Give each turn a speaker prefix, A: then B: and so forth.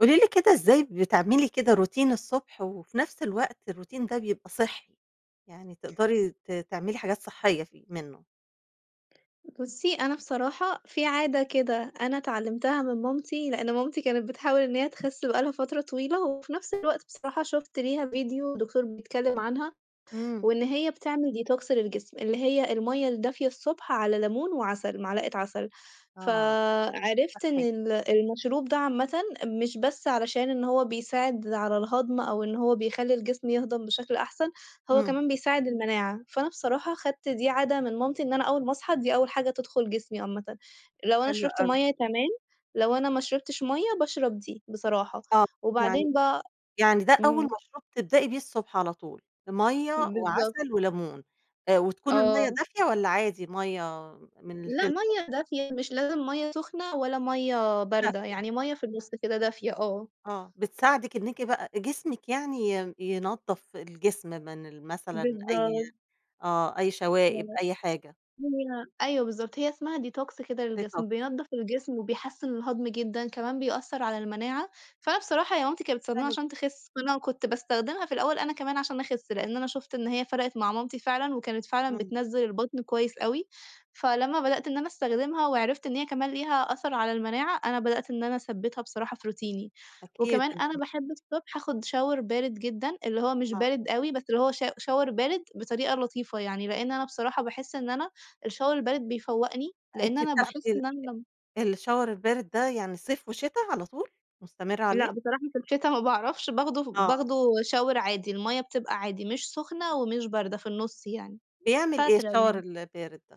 A: قولي لي كده ازاي بتعملي كده روتين الصبح وفي نفس الوقت الروتين ده بيبقى صحّي؟ يعني تقدري ت تعملي حاجات صحّية فيه منّه؟
B: بُصّي، أنا بصراحة في عادة كده، أنا اتعلمتها من مامتي، لإن مامتي كانت بتحاول إن هي تخس بقى لها فترة طويلة، وفي نفس الوقت بصراحة شفت ليها فيديو دكتور بيتكلم عنها،
A: إمم.
B: وإن هي بتعمل ديتوكس للجسم، اللي هي المَيّة الدافية الصبح على لَمون وعسل، معلقة عسل.
A: آه.
B: فعرفت إن
A: صحي.
B: ال المشروب ده عامةً مش بس علشان إن هو بيساعد على الهضم، أو إن هو بيخلّي الجسم يهضم بشكل أحسن، هو
A: إمم.
B: كمان بيساعد المناعة. فأنا بصراحة خدت دي عادة من مامتي إن أنا أول ما اصحى، دي أول حاجة تدخل جسمي عامةً، لو أنا
A: حلو
B: شربت
A: أوي.
B: مَيّة تمام، لو أنا ما شربتش مَيّة باشرب دي، بصراحة،
A: آه، يعني
B: وبعدين بقى
A: يعني ده أول
B: إمم.
A: مشروب تبدأي بيه الصبح على طول، مَيّة
B: بالضبط.
A: وعسل ولَمون آآ، وتكون المَيّة
B: آه.
A: دافية والّا عادي مَيّة من
B: لأ،
A: الفلتر؟
B: مَيّة دافية مش لازم مَيّة سخنة ولا مَيّة باردة،
A: دافية.
B: يعني مَيّة في النُص كده دافية آه.
A: آه، بتساعدِك إنِّكِ بقى جسمِك يعني ي ينضف الجسم من ال مثلًا أي
B: بالضبط.
A: آه، أي شوائب
B: آه،
A: أي حاجة.
B: لأ، أيوه بالضبط. هي اسمها ديتوكس كده
A: ديتوكس.
B: للجسم. بينضف الجسم وبيحسّن الهضم جدًا، كمان بيأثّر على المناعة. فأنا بصراحة هي مامتي كانت بتستخدمه
A: حلو جدًا.
B: عشان تخس، فأنا كنت باستخدمها في الأول أنا كمان عشان اخس، لإن أنا شُفت إن هي فرقت مع مامتي فعلًا وكانت فعلًا
A: إمم.
B: بتنزّل البطن كويس أوي، فلمّا بدأت إن أنا استخدمها وعرفت إن هي كمان ليها أثر على المناعة، أنا بدأت إن أنا اثبتها بصراحة في روتيني.
A: أكيد،
B: وكمان أنا
A: الم
B: باحب الصبح اخُد شاور بارد جدًا، اللي هو مش
A: نعم.
B: بارد أوي، بس اللي هو شا شاور بارد بطريقة لطيفة يعني، لإن أنا بصراحة باحس إن أنا الشاور البارد بيفوقني لإن
A: أنتِ
B: أنا
A: بتاخدي
B: باحس إن أنا لم
A: ال الشاور البارد ده يعني صيف وشتا على طول؟ مُستمرة
B: لأ،
A: عليه؟
B: بصراحة في الشتا ما باعرفش باخده ف
A: آه.
B: باخده شاور عادي المَيّة بتبقى عادي مش سُخنة، ومش باردة في النُص يعني،
A: بيعمل إيه
B: فاترة
A: الشاور
B: يعني.
A: البارد ده؟